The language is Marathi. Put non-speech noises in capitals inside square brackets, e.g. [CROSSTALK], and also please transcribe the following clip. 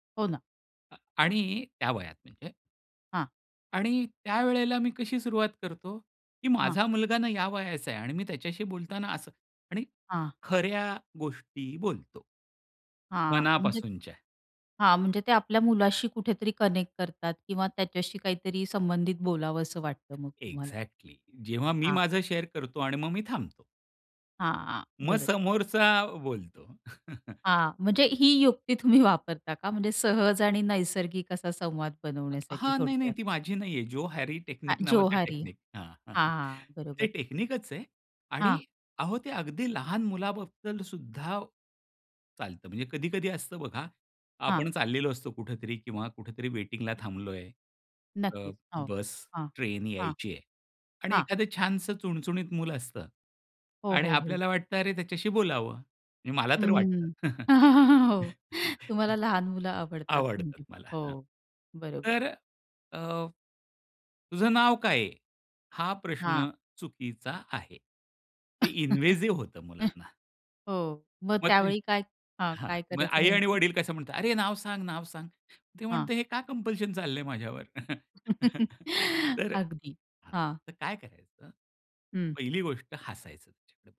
हो ना. अ आणि त्या वयात म्हणजे. हां. आणि त्यावेळेला मी कशी सुरुवात करतो, की हां. माझा मुलगा ना या वयाचा आहे आणि मी त्याच्याशी बोलताना असं आणि हां. खऱ्या गोष्टी बोलतो. हां, म्हणजे मनापासूनच्या. हां, म्हणजे ते आपल्या मुलाशी कुठेतरी कनेक्ट करतात किंवा त्याच्याशी काहीतरी संबंधित बोलावसं वाटतं मग तुम्हाला. एक्झॅक्टली. जेव्हा मी हां. माझं शेअर करतो आणि मग मी थांबतो. हां, हां, मग बरो समोरचा बोलतो. [CHUCKLES] हां, म्हणजे ही युक्ती तुम्ही वापरता का? म्हणजे सहज आणि नैसर्गिक असा संवाद बनवण्यासाठी हां, नाही-नाही, थोडक्यात? ती माझी नाहीये. जोहारी अ, टेक्निक नावाचा जोहारी. टेक्निक हां, हां, [CHUCKLES] हां, ते बरोबर. टेक्निकच आहे आणि हां. अहो ते अगदी लहान मुलाबद्दल सुद्धा चालतं, म्हणजे कधी-कधी असतं बघा हां. आपण चाललेलो असतो कुठेतरी किंवा कुठेतरी वेटिंगला थांबलोय, अ, नक्कीच, हो. बस, हां. ट्रेन हां. यायची आहे आणि हां. एखादं छानसं चुणचुणीत मुलं असतं हो, आणि हो, हो. आपल्याला वाटतं अरे त्याच्याशी बोलावं. म्हणजे मला तर हम्म. वाटतं. [LAUGHS] हो तुम्हाला [CHUCKLES] लहान मुलं आवडतात आवडतात म्हणजे. मला, हां. हो, बरोबर. तर अ, "तुझं नाव काय आहे?" हा हां. प्रश्न चुकीचा आहे. ते [CHUCKLES] इन्व्हेसिव्ह होतं मुलांना. हो, मग मग ते त्यावेळी काय हां, हां, काय मग करायचं आई आणि नेमकं? वडील कसं म्हणतात, "अरे नाव सांग, नाव सांग." ते हां. म्हणतं, "हे का कंपल्शन चाललंय माझ्यावर?" [CHUCKLES] [CHUCKLES] तर अगदी. हां, हां. तर काय करायचं, हं. पहिली गोष्ट हसायचं त्याच्याकडे बघून.